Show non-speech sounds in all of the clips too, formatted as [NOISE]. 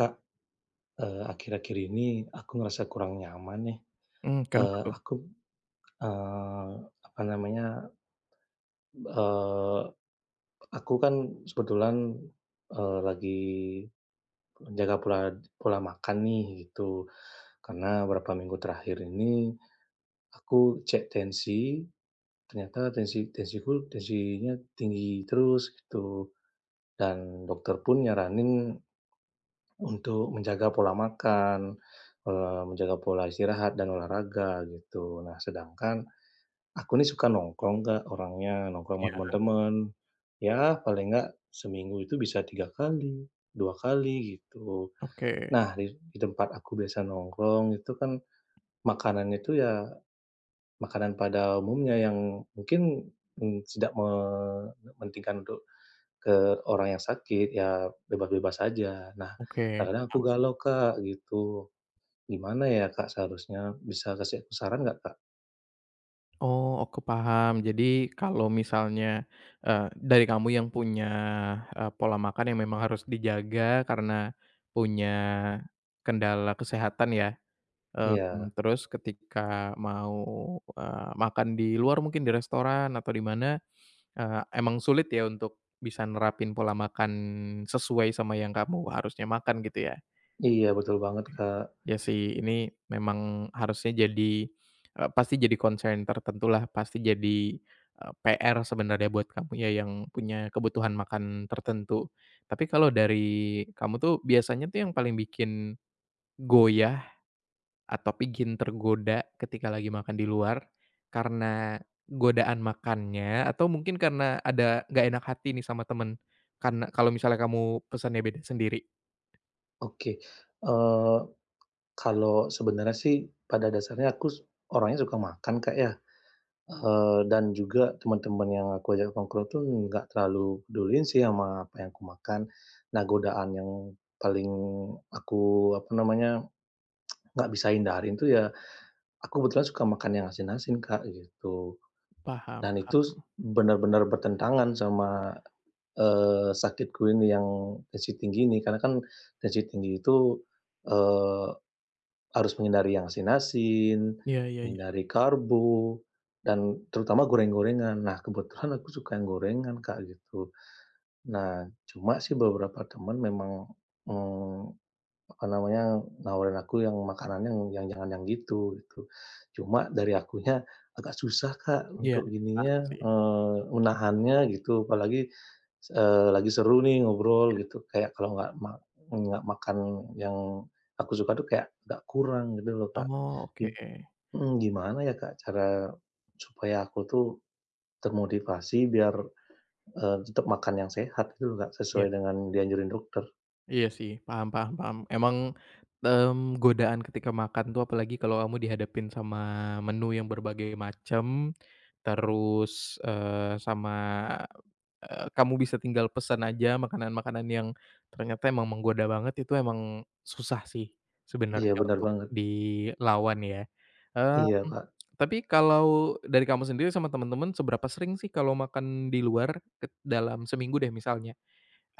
Kak, eee, akhir-akhir ini aku ngerasa kurang nyaman nih. Hmm, kenapa Eee, tuh? aku, eee, apa namanya, eee, aku kan, kebetulan, eee, lagi menjaga pola pola makan nih, gitu. Karena beberapa minggu terakhir ini, aku cek tensi, ternyata tensi tensiku, tensinya tinggi terus gitu. Dan dokter pun nyaranin untuk menjaga pola makan, eee, menjaga pola istirahat dan olahraga, gitu. Nah sedangkan, aku ini suka nongkrong Kak orangnya, nongkrong sama Iya. teman-teman. Ya paling nggak, seminggu itu bisa 3 kali, 2 kali gitu. Oke. Nah, di di tempat aku biasa nongkrong itu kan, makanannya itu ya, makanan pada umumnya yang mungkin, mmm, tidak mementingkan untuk ke orang yang sakit, ya bebas-bebas saja. Nah, Oke, kadang-kadang aku am galau Kak, gitu. Gimana ya Kak seharusnya? Bisa kasih aku saran nggak Kak? Oh, oke paham. Jadi, kalau misalnya, eee, dari kamu yang punya, eee, pola makan yang memang harus dijaga karena punya kendala kesehatan ya, Iya. mmm, terus ketika mau, eee, makan di luar mungkin di restoran atau di mana, eee, emang sulit ya untuk bisa nerapin pola makan sesuai sama yang kamu harusnya makan gitu ya? Iya, betul banget, Kak. Ya, sih, ini memang harusnya jadi e pasti jadi concern tertentulah, pasti jadi, e PR sebenarnya buat kamu ya yang punya kebutuhan makan tertentu. Tapi kalau dari kamu tuh biasanya tuh yang paling bikin goyah atau bikin tergoda ketika lagi makan di luar, karena godaan makannya atau mungkin karena ada gak enak hati nih sama temen? Kan kalau misalnya kamu pesennya beda sendiri? Oke, eee, kalau sebenarnya sih pada dasarnya aku su orangnya suka makan, Kak, ya, eee, dan juga teman-teman yang aku ajak nongkrong itu gak terlalu peduliin sih sama apa yang aku makan. Nah, godaan yang paling aku, apa namanya, [TSK] gak bisa hindarin itu ya aku kebetulan suka makan yang asin-asin, Kak, gitu, Paham dan itu paham. benar-benar bertentangan sama, eee, sakitku ini yang tensi tinggi ini, karena kan tensi tinggi itu, eee, harus menghindari yang asin-asin, Iya iya iya. menghindari karbo, dan terutama goreng-gorengan. Nah, kebetulan aku suka yang gorengan, Kak, gitu. Nah, cuma sih beberapa teman memang, eee, apa namanya, nawarin aku yang makanannya yang jangan yang gitu, gitu. Cuma dari akunya agak susah, Kak, Iya, untuk paham gininya, sih. eee, menahannya gitu, apalagi, eee, lagi seru nih ngobrol Ya. gitu kayak kalau gak ma gak makan yang aku suka tuh kayak agak kurang gitu loh, Kak, Oh, oke. git mhm, gimana ya, Kak, cara supaya aku tuh termotivasi biar, eee, tetap makan yang sehat gitu loh, Kak, Iya. sesuai dengan yang dianjurin dokter? Iya sih paham paham paham. Emang, mmm, godaan ketika makan tuh apalagi kalau kamu dihadapin sama menu yang berbagai macam, terus, eee, sama, eee, kamu bisa tinggal pesan aja makanan-makanan yang ternyata emang menggoda banget, itu emang susah sih, Iya sebenarnya benar untuk banget. dilawan ya. Mmm, Iya, Kak. tapi kalau dari kamu sendiri sama temen-temen seberapa sering sih kalau makan di luar ket dalam seminggu deh misalnya?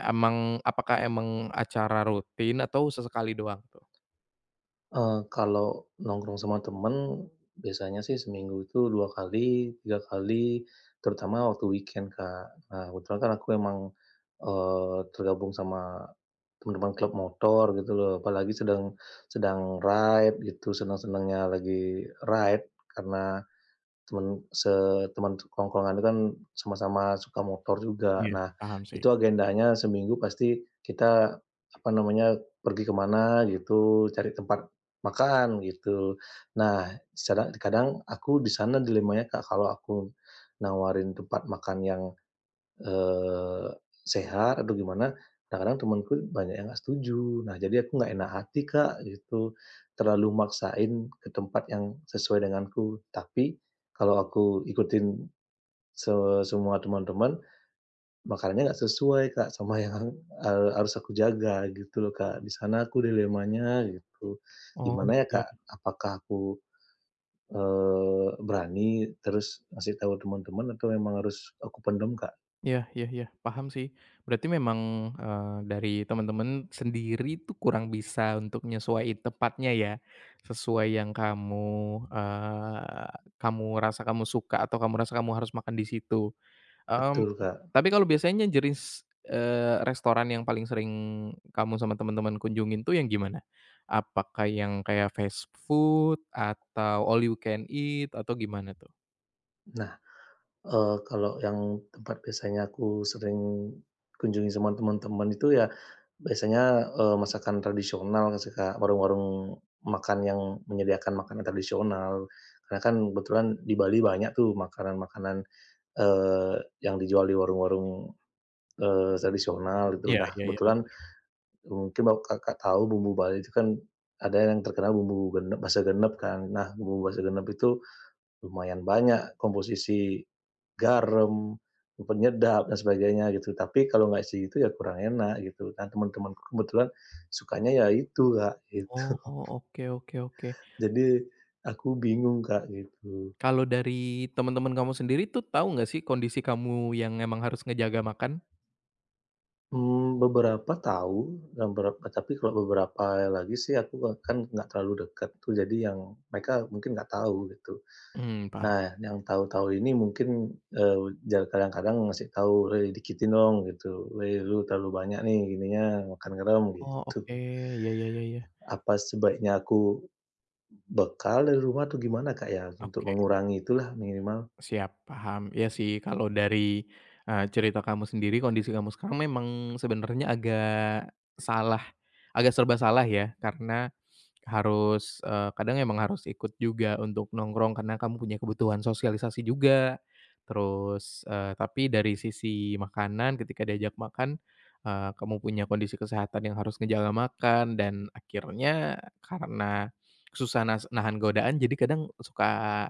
Emang apakah emang acara rutin atau sesekali doang tuh? Eee, kalau nongkrong sama teman biasanya sih, seminggu itu 2 kali, 3 kali terutama waktu weekend, Kak. Nah, kebetulan kan aku memang, eee, tergabung sama teman-teman klub motor gitu loh, apalagi sedang sedang ride gitu senang-senangnya lagi ride karena teman se teman tongkrongan itu kan sama-sama suka motor juga. Iya, Nah, paham sih. itu agendanya seminggu pasti kita apa namanya, pergi ke mana gitu, cari tempat makan gitu. Nah, secara kadang aku di sana dilemanya, Kak, kalau aku nawarin tempat makan yang, eee, sehat atau gimana kadang-kadang temanku banyak yang nggak setuju. Nah, jadi aku nggak enak hati, Kak, gitu. Terlalu maksain ke tempat yang sesuai denganku. Tapi kalau aku ikutin se semua teman-teman, makanannya nggak sesuai, Kak, sama yang ha harus aku jaga gitu loh, Kak, di sana aku dilemanya gitu. Oh, Gimana ya, ya. Kak? Apakah aku, eee, berani, terus ngasih tahu teman-teman atau memang harus aku pendam, Kak? Iya iya iya paham sih. Berarti memang, eee, dari temen-temen sendiri tuh kurang bisa untuk nyesuaiin tepatnya ya, sesuai yang kamu, eee, kamu rasa kamu suka atau kamu rasa kamu harus makan di situ. Mmm, Betul, Kak. tapi kalau biasanya jenis, eee, restoran yang paling sering kamu sama temen-temen kunjungin tuh yang gimana? Apakah yang kayak fast food atau all you can eat atau gimana tuh? Nah, eee, kalau yang tempat biasanya aku sering kunjungi sama teman-teman itu, ya biasanya, eee, masakan tradisional, suka warung-warung makan yang menyediakan makanan tradisional. Karena kan kebetulan di Bali banyak tuh, makanan-makanan, eee, yang dijual di warung-warung, eee, tradisional gitu. Iya Nah, iya iya. kebetulan mungkin, ba Kakak tahu bumbu Bali itu kan ada yang terkenal bumbu gene base genep kan. Nah, bumbu base genep itu lumayan banyak komposisi garam, eee, penyedap dan sebagainya gitu. Tapi kalau enggak isi itu, ya kurang enak gitu. Nah, teman-temanku kebetulan sukanya ya itu, Kak, Oh gitu. oh, oke oke oke. Jadi aku bingung, Kak, gitu. Kalau dari teman-teman kamu sendiri tuh, tahu enggak sih, kondisi kamu yang memang harus ngejaga makan? Mmm, beberapa tahu, dan berapa tapi kalau beberapa lagi sih aku a kan nggak terlalu dekat tuh, jadi yang mereka mungkin nggak tahu gitu. Mmm paham. Nah, yang tahu-tahu ini mungkin, eee, ja kadang-kadang ngasih tahu, "Wei dikitin dong" gitu. "Wei lu terlalu banyak nih, gininya, makan garam" Oh gitu. oke, ya ya ya ya. Apa sebaiknya aku, bekal dari rumah atau gimana Kak, ya? Untuk Oke. mengurangi itulah minimal. Siap, paham. Iya sih kalau dari, eee, cerita kamu sendiri, kondisi kamu sekarang memang sebenarnya agak salah, agak serba salah ya, karena, harus, eee, kadang emang harus ikut juga untuk nongkrong, karena kamu punya kebutuhan sosialisasi juga. Terus, eee, tapi dari sisi makanan, ketika diajak makan, eee, kamu punya kondisi kesehatan yang harus ngejaga makan, dan akhirnya karena, susah nas nahan godaan, jadi kadang suka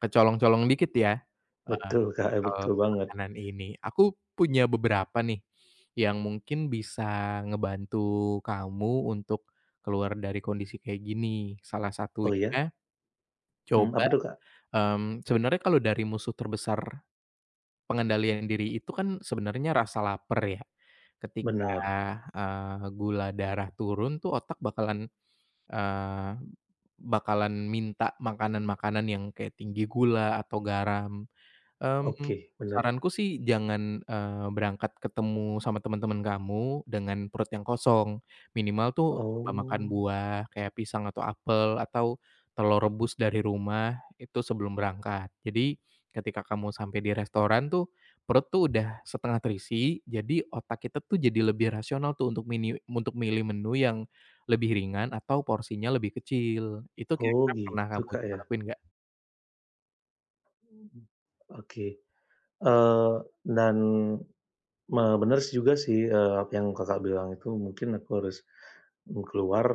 kecolong-colong dikit ya heeh, Betul Kak, e soal, betul banget. makanan ini. Aku punya beberapa nih, yang mungkin bisa ngebantu kamu untuk, keluar dari kondisi kayak gini. Salah Oh ya? satunya, Mmm, coba, apa tuh Kak? mmm, sebenarnya kalau dari musuh terbesar, pengendalian diri itu kan sebenarnya rasa lapar ya. Ketika, Benar. eee, gula darah turun tuh otak bakalan, eee, b b bakalan minta makanan-makanan yang kayak tinggi gula atau garam. Mmm, Oke, benar. saranku sih jangan, eee, berangkat ketemu sama teman-teman kamu, dengan perut yang kosong. Minimal tuh, coba makan Oh. buah, kayak pisang atau apel atau, telur rebus dari rumah, itu sebelum berangkat. Jadi, ketika kamu sampai di restoran tuh, perut tuh udah setengah terisi, jadi otak kita tuh jadi lebih rasional tuh, untuk miniu untuk milih menu yang, lebih ringan atau porsinya lebih kecil. Itu Oh kira-kira pernah gitu kamu Kak coba ya. lakuin nggak? Mhm, oke. Eee, dan, me benar si juga sih, eee, yang Kakak bilang itu mungkin aku harus, bu keluar,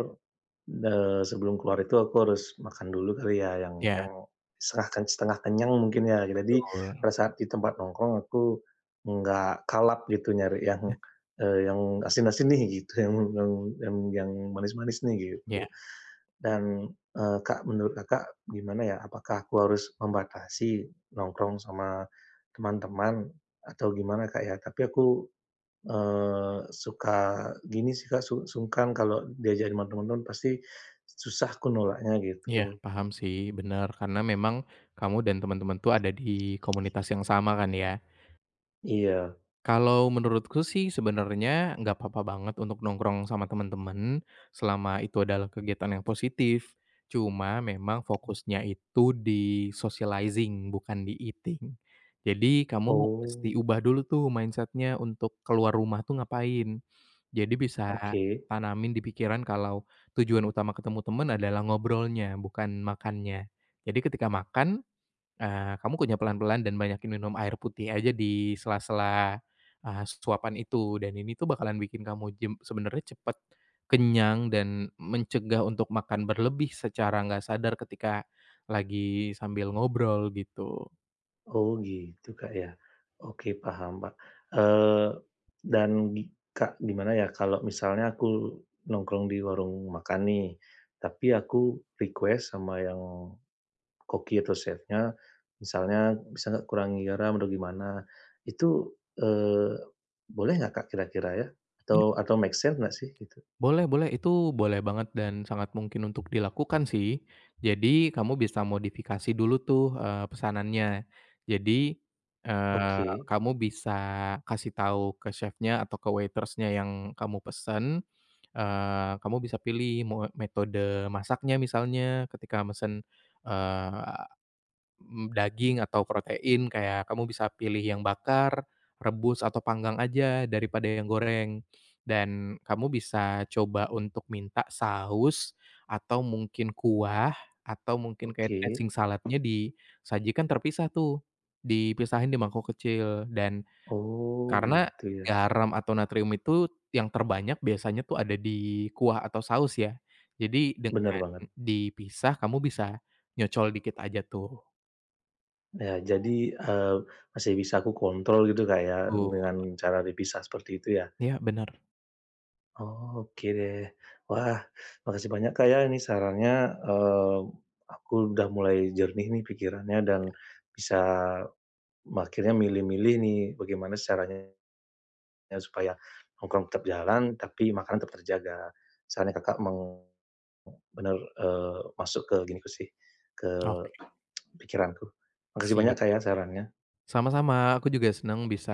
eee, sebelum keluar itu aku harus makan dulu kali ya yang Iya. yang setengah kan, setengah kenyang mungkin ya gi tadi, Betul. pada saat di tempat nongkrong aku, enggak kalap gitu nyari yang, Eh. eee, yang asin-asin nih gitu, yang yang yang yang manis-manis nih Ya. gitu. Dan, eee, Kak menurut Kakak gimana ya, apakah aku harus membatasi nongkrong sama, teman-teman, atau gimana Kak, ya, tapi aku, eee, suka gini sih Kak, su sungkan kalau diajak ma teman teman pasti, susah aku nolaknya Iya gitu. paham sih, benar karena memang, kamu dan teman-teman tuh ada di komunitas yang sama kan ya? Iya. Kalau menurutku sih sebenarnya enggak apa-apa banget untuk nongkrong sama teman-teman, selama itu adalah kegiatan yang positif, cuma memang fokusnya itu di-socializing bukan di-eating, jadi kamu mesti Oh. ubah dulu tuh mindset-nya untuk keluar rumah tuh ngapain, jadi bisa Oke. tanamin di pikiran kalau tujuan utama ketemu teman adalah ngobrolnya bukan makannya jadi ketika makan, eee, kamu kunyah pelan-pelan dan banyakin minum air putih aja di sela-sela, eee, suapan itu dan ini tuh bakalan bikin kamu jem sebenarnya cepat kenyang dan mencegah untuk makan berlebih secara enggak sadar ketika, lagi sambil ngobrol gitu. Oh gitu Kak, ya, oke paham ba eee, dan di Kak, gimana ya kalau misalnya aku nongkrong di warung makan nih, tapi aku request sama yang, koki atau chefnya, misalnya bisa enggak kurangin garam atau gimana itu, eee, boleh enggak Kak, kira-kira ya? Atau atau make sense enggak sih itu? Boleh boleh itu boleh banget dan sangat mungkin untuk dilakukan sih, jadi kamu bisa modifikasi dulu tuh, eee, pesanannya, jadi, eee, Oke. kamu bisa kasih tahu ke chefnya atau ke waitress-nya yang kamu pesan, eee, kamu bisa pilih mau metode masaknya misalnya ketika mesen, eee, mmm, daging atau protein kayak kamu bisa pilih yang bakar, rebus atau panggang aja daripada yang goreng, dan kamu bisa coba untuk minta saus, atau mungkin kuah atau mungkin kayak Oke. dressing salad-nya disajikan terpisah tuh, dipisahin di mangkok kecil dan, Oh karena gitu ya. garam atau natrium itu yang terbanyak biasanya tuh ada di kuah atau saus ya jadi Bener dengan banget. dipisah kamu bisa, nyocol dikit aja tuh. Nah jadi, eee, masih bisa aku kontrol gitu Kak, ya Betul. dengan cara dipisah seperti itu ya? Iya benar. Oh oke deh, wah makasih banyak Kak, ya ini sarannya, eee, aku udah mulai jernih nih pikirannya dan, bisa, me akhirnya milih-milih nih bagaimana sih caranya, iya supaya nongkrong tetap jalan tapi makanan tetap terjaga, sarannya Kakak, meng bener, eee, masuk ke diriku sih, ke Oke. [TSK] pikiranku makasih banyak Siap, Kak, ya sarannya. sama-sama aku juga senang bisa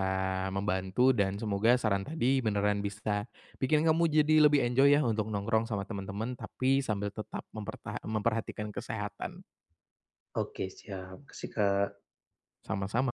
membantu dan semoga saran tadi beneran bisa, bikin kamu jadi lebih enjoy ya untuk nongkrong sama teman-teman tapi sambil tetap mempertaha memperhatikan kesehatan. Oke siap makasih Kak. Sama-sama.